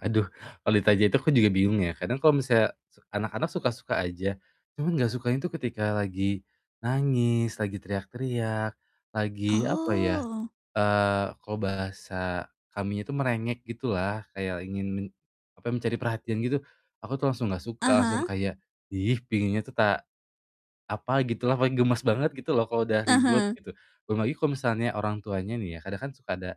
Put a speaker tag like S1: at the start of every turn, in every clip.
S1: Aduh, kalau ditanya itu aku juga bingung ya. Kadang kalau misalnya se anak-anak suka-suka aja, cuma nggak sukanya itu ketika lagi nangis, teriak-teriak, lagi apa ya,
S2: Oh.
S1: eee, kalau bahasa kaminya itu merengek gitulah, kayak ingin men apa, mencari perhatian gitu. Aku tuh langsung nggak suka, langsung
S2: Aha.
S1: kayak, "Ih, penginnya tuh ta apa gitulah." Paling gemas banget gitu loh kalau udah ribut
S2: Aha.
S1: gitu. Belum lagi kalau misalnya orang tuanya nih ya, kadang kan suka ada,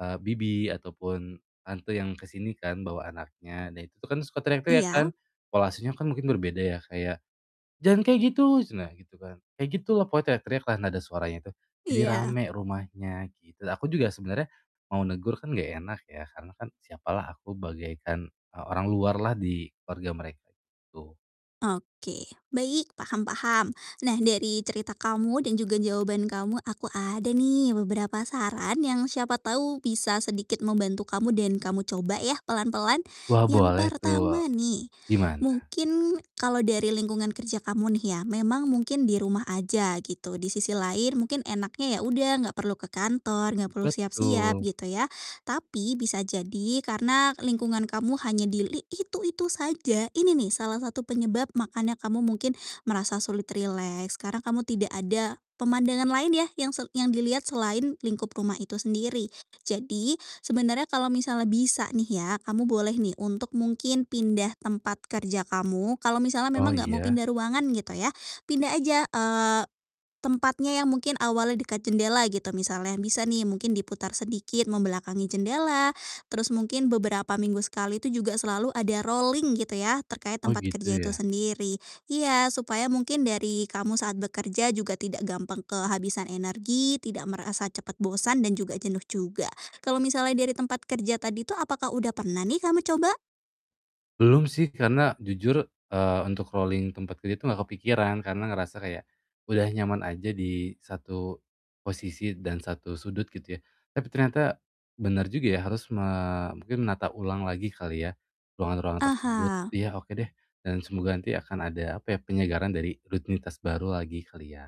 S1: eee, bibi ataupun tante yang ke sini kan bawa anaknya, nah itu kan suka teriak-teriak
S2: Iya.
S1: kan. Pola asuhnya kan mungkin berbeda ya, kayak, “Jangan kayak gitu!" ceunah, gitu kan. Kayak gitu loh, pokoknya teriak-teriaklah, nada suaranya tuh jadi
S2: Iya.
S1: ramai rumahnya gitu. Dan aku juga sebenarnya mau negur kan nggak enak ya, karena kan siapalah aku, bagaikan, eee, orang luarlah di keluarga mereka itu.
S2: Oke. Baik, paham paham. Nah, dari cerita kamu dan juga jawaban kamu, aku ada nih beberapa saran yang siapa tahu bisa sedikit membantu kamu dan kamu coba ya pelan-pelan.
S1: Wah,
S2: Yang
S1: boleh tuh
S2: pertama nih,
S1: gimana?
S2: mungkin kalau dari lingkungan kerja kamu nih ya, memang mungkin di rumah aja gitu. Di sisi lain mungkin enaknya ya udah nggak perlu ke kantor, nggak perlu siap-siap
S1: Betul.
S2: gitu ya. Tapi bisa jadi karena lingkungan kamu hanya di li itu-itu saja, ini nih salah satu penyebab makanya kamu mungkin merasa sulit rileks, karena kamu tidak ada pemandangan lain ya yang se yang dilihat selain lingkup rumah itu sendiri. Jadi sebenarnya kalau misalnya bisa nih ya, kamu boleh nih untuk mungkin pindah tempat kerja kamu. Kalau misalnya
S1: Oh
S2: memang enggak mau
S1: iya.
S2: pindah ruangan gitu ya, pindah aja, eee, tempatnya yang mungkin awalnya dekat jendela gitu. Misalnya bisa nih mungkin diputar sedikit membelakangi jendela, terus mungkin beberapa minggu sekali itu juga selalu ada rolling gitu ya, terkait
S1: Oh
S2: tempat
S1: gitu
S2: kerja itu
S1: ya.
S2: sendiri. Iya, supaya mungkin dari kamu saat bekerja juga tidak gampang kehabisan energi, tidak merasa cepat bosan dan juga jenuh juga. Kalau misalnya dari tempat kerja tadi tuh apakah udah pernah nih kamu coba?
S1: Belum sih, karena jujur, eee, untuk rolling tempat kerja itu nggak kepikiran, karena ngerasa kayak udah nyaman aja di satu posisi dan satu sudut gitu ya. Tapi ternyata bener juga ya, harus me mungkin menata ulang lagi kali ya, ruangan-ruangan tersebut.
S2: Aha.
S1: Iya oke deh, dan semoga nanti akan ada, apa ya, penyegaran dari rutinitas baru lagi kali ya.